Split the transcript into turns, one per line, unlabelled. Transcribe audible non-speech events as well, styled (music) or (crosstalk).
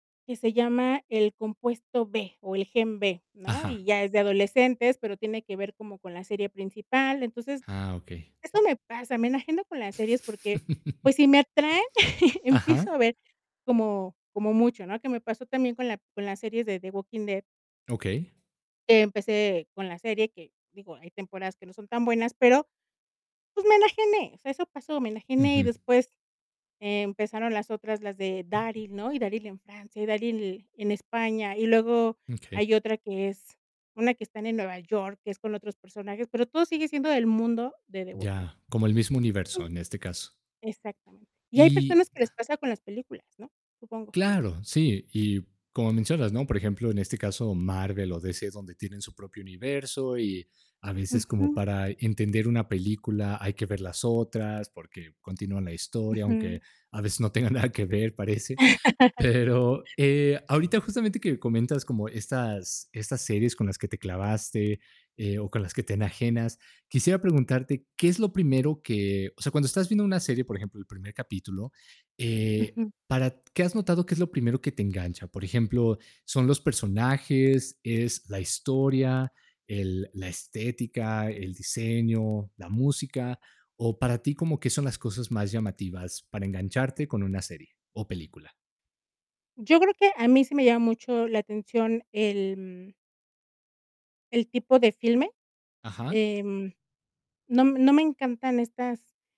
Que se llama el Compuesto B, o el Gen B, ¿no?
Ajá.
Y ya es de adolescentes, pero, tiene que ver como con la serie principal, entonces,
Ah, okey.
eso me pasa, me enajeno con las series porque, pues, si me atraen, (laughs)
(laughs) Ajá.
empiezo a ver como como mucho, ¿no?, que me pasó también con la con la serie de The Walking Dead
Okey.
que empecé con la serie que, digo, hay temporadas que no son tan buenas, pero, pues, me enajené, o sea, eso pasó, me enajené, y
Ujú.
después empezaron las otras, las de Daryl, ¿no? Y Daryl en Francia, y Daryl l en España, y luego
Mm, okey.
hay otra que es una que están en Nueva York, que es con otros personajes, pero, todo sigue siendo del mundo de The Walking Dead
Ya, como el mismo universo, en este caso.
Exactamente. Y hay
Y,
personas que les
ah
pasa con las películas, ¿no? Supongo.
Claro, sí, y como mencionas, ¿no?, por ejemplo, en este caso, Marvel o DC, es donde tienen su propio universo, y a veces, como
Ujú.
para entender una película, hay que ver las otras porque continúan la historia, aunque
Ujú.
a veces no tenga nada que ver, parece.
(laughs)
Pero, eh, ahorita, justamente que comentas como estas estas series con las que te clavaste, eh, o con las que te enajenas, quisiera preguntarte, ¿qué es lo primero que? O sea, cuando estás viendo una serie, por ejemplo, el primer capítulo, eh,
Ujú.
para ¿qué has notado qué es lo primero que te engancha? Por ejemplo, ¿son los personajes, es la historia, el la estética, el diseño, la música? O para ti, ¿como qué son las cosas más llamativas, para engancharte con una serie o película?
Yo creo que a mí, sí me llama mucho la atención el, mm el tipo de filme,
Ajá.
em, no m no me encantan estas